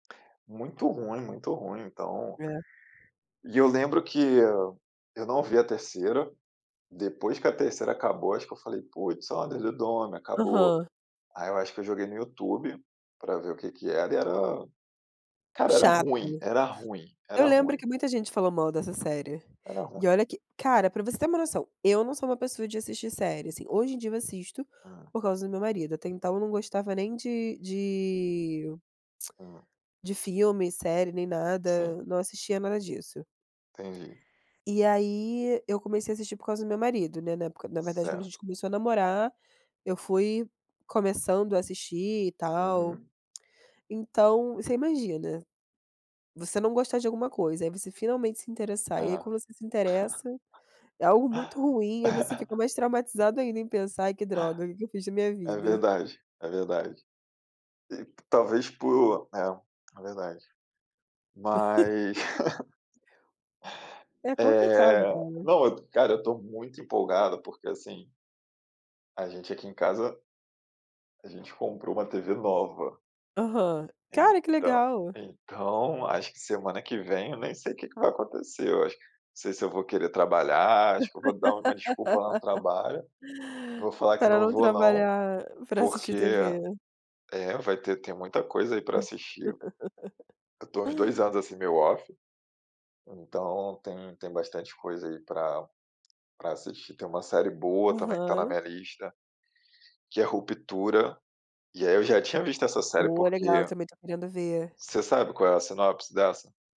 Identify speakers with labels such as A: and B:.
A: Muito ruim, muito ruim então
B: É.
A: e eu lembro que eu não vi a 3º, depois que a 3º acabou acho que eu falei: "Putz [unintelligible] acabou".
B: Aham.
A: Aí eu acho que eu joguei no YouTube, para ver o que que era e era, cara era
B: Chato,
A: ruim, era ruim,
B: eu
A: era
B: lembro
A: ruim.
B: que muita gente falou mal dessa série,
A: Era
B: e
A: ruim.
B: olha que cara para você ter uma noção, eu não sou uma pessoa de assistir série, assim, hoje em dia eu assisto,
A: Hã.
B: por causa do meu marido até então eu não gostava nem de de,
A: Hã.
B: de filme, série nem
A: Sim.
B: nada, não assistia nada disso.
A: Entendi.
B: E aí eu comecei a assistir por causa do meu marido, né, na época na verdade quando a
A: Certo.
B: gente começou a namorar, eu fui começando a assistir e tal.
A: Uhum.
B: Então, você imagina, você não gostar de alguma coisa aí você finalmente se interessar e aí
A: Ah.
B: quando você se interessa, é algo muito ruim e aí você fica mais traumatizado ainda em pensar: "Ai que droga, o que que eu fiz da minha
A: É
B: vida".
A: verdade, é verdade. E talvez por é, é verdade. Mas
B: É complicado
A: Eh,
B: cara.
A: não, cara, eu estou muito empolgado porque assim A gente aqui em casa. A gente comprou uma tv nova.
B: Aham. Cara, que
A: Então,
B: legal.
A: então acho que semana que vem eu nem sei o que que vai acontecer, eu acho, não sei se eu vou querer trabalhar, acho que eu vou dar uma desculpa lá no trabalho, vou falar que
B: Para
A: não
B: não
A: vou não,
B: trabalhar para
A: porque
B: assistir TV.
A: é, vai ter tem muita coisa aí para assistir. Eu estou há uns 2 anos assim meio off, então tem tem bastante coisa aí para para assistir, tem uma série boa também que está na
B: Aham.
A: minha lista, que é ruptura, e aí eu já tinha visto essa série
B: Olha legal, eu
A: porque
B: também estou querendo ver.
A: Você sabe qual é a sinopse dessa?